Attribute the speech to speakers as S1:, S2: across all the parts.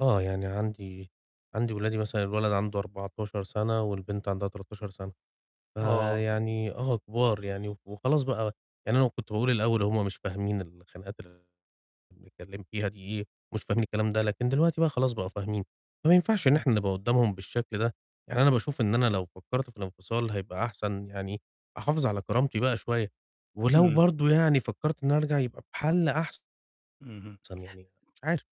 S1: آه، يعني عندي عندي ولادي مثلًا الولد عنده 14 سنة والبنت عندها 13 سنة.
S2: آه.
S1: فيعني آه، كبار يعني وخلاص بقى، يعني أنا كنت باقول الأول هُم مش فاهمين الخناقات ال اللي بنتكلم فيها دي إيه، مش فاهمين الكلام ده، لكن دلوقتي بقى خلاص بقوا فاهمين. فمينفعش إن
S2: امم.
S1: إحنا نبقى قدّامهم بالشكل ده. يعني أنا باشوف إن أنا لو فكرت في الانفصال هيبقى أحسن، يعني، أحافظ على كرامتي بقى شوية، ولو
S2: إمم.
S1: برضو يعني فكرت إني أرجع يبقى بحل أحسن
S2: اهم.
S1: يعني مش عارف.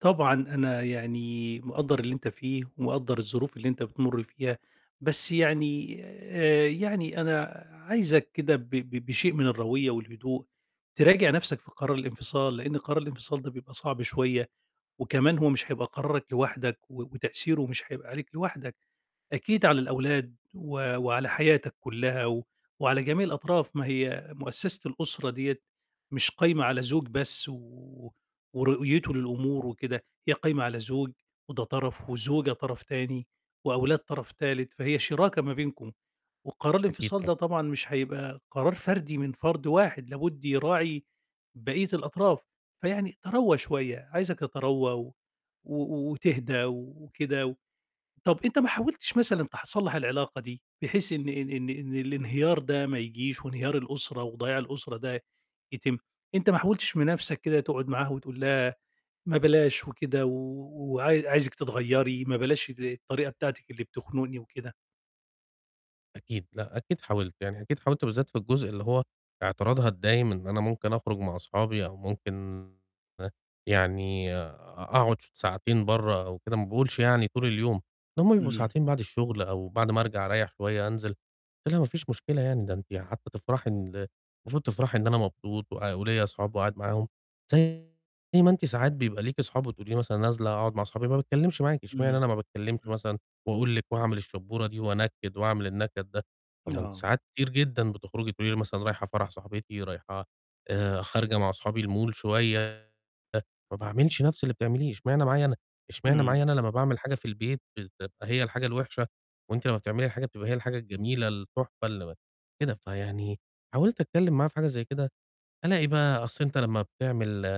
S2: طبعًا أنا يعني، مقدّر اللي أنت فيه ومقدّر الظروف اللي أنت بتمُرّ فيها، بس يعني آآ يعني أنا عايزك كده ب ب بشيء من الرويّة والهدوء تراجع نَفْسك في قرار الانفصال، لأن قرار الانفصال ده بيبقى صعب شوية، وكمان هو مش هيبقى قرارَك لوحدَك و وتأثيره مش هيبقى عليك لوحدَك، أكيد على الأولاد و وعلى حياتك كُلّها و وعلى جميع الأطراف، ما هي مؤسسة الأسرة ديّة مش قايمة على زوج بس، و ورؤيته للأمور وكده، هي قايمة على زوج وده طرف وزوجة طرف تاني وأولاد طرف تالت، فهي شِراكة ما بينكم، وقرار
S1: أكيد،
S2: الإنفصال
S1: طبعًا.
S2: ده طبعًا، مش هيبقى قرار فردي من فرد واحد، لابد يراعي بقية الأطراف. فيعني تروّى شوية، عايزك تتروّى و و وتهدا وكده. طَب أنت ما حاولتِش مثلًا، تح صلّح العلاقة دي بحيث إن إن إن إن الإنهيار ده ما يجيش وإنهيار الأسرة وضياع الأسرة ده يتم، أنت ما حاولتِش من نَفْسك كده، تقعد معاها وتقول لها، ما بلاش وكده، و وعاي عايزِك تتغيرّي، ما بلاش ال الطريقة بتاعتِك اللي بتخنُقني وكده؟
S1: أكيد، لأ، أكيد حاولت. يعني أكيد حاولت بالذات في الجزء اللي هو اعتراضها الدايم إن أنا ممكن أخرج مع أصحابي أو ممكن، هه يعني أ أقعد ش ساعتين برّه أو كده ما باقولش يعني طول اليوم. ده هُم بيبقوا
S2: امم.
S1: ساعتين، بعد الشغل أو بعد ما أرجع أريح شوية أنزل. قُلت لها "مفيش مشكلة يعني ده أنتِ حتى تفرحي إن المفروض تفرحي إن أنا مبسوط وأ وليَّ أصحاب وقاعد معاهم. زي زي ما أنتِ ساعات بيبقى ليكِ أصحاب وتقولي لي مثلًا نازلة أقعد مع أصحابي، ما باتكلمش معاكِ، اشمعنى
S2: امم،
S1: أنا ما باتكلمش
S2: امم.
S1: مثلًا وأقول لكِ وأعمل الشبورة دي وأنكّد وأعمل النكد ده، طب ما أنتِ
S2: آه.
S1: ساعات كتير جدًا بتخرجي تقولي لي مثلًا رايحة فرح صاحبتي، رايحة آآ خارجة مع أصحابي الmall شوية ما باعملش نفس اللي بتعمليه، اشمعنى معايا أنا اشمعنى
S2: امم.
S1: معايا أنا لمّا باعمل حاجة في البيت بتبقى هي الحاجة الوحشة، وأنتِ لمّا بتعملي حاجة بتبقى هي الحاجة، الجميلة، التحفة اللي م كده." فيعني حاولت أتكلم معاها في حاجة زي كده، ألاقي بقى أصل أنت لمّا بتعمل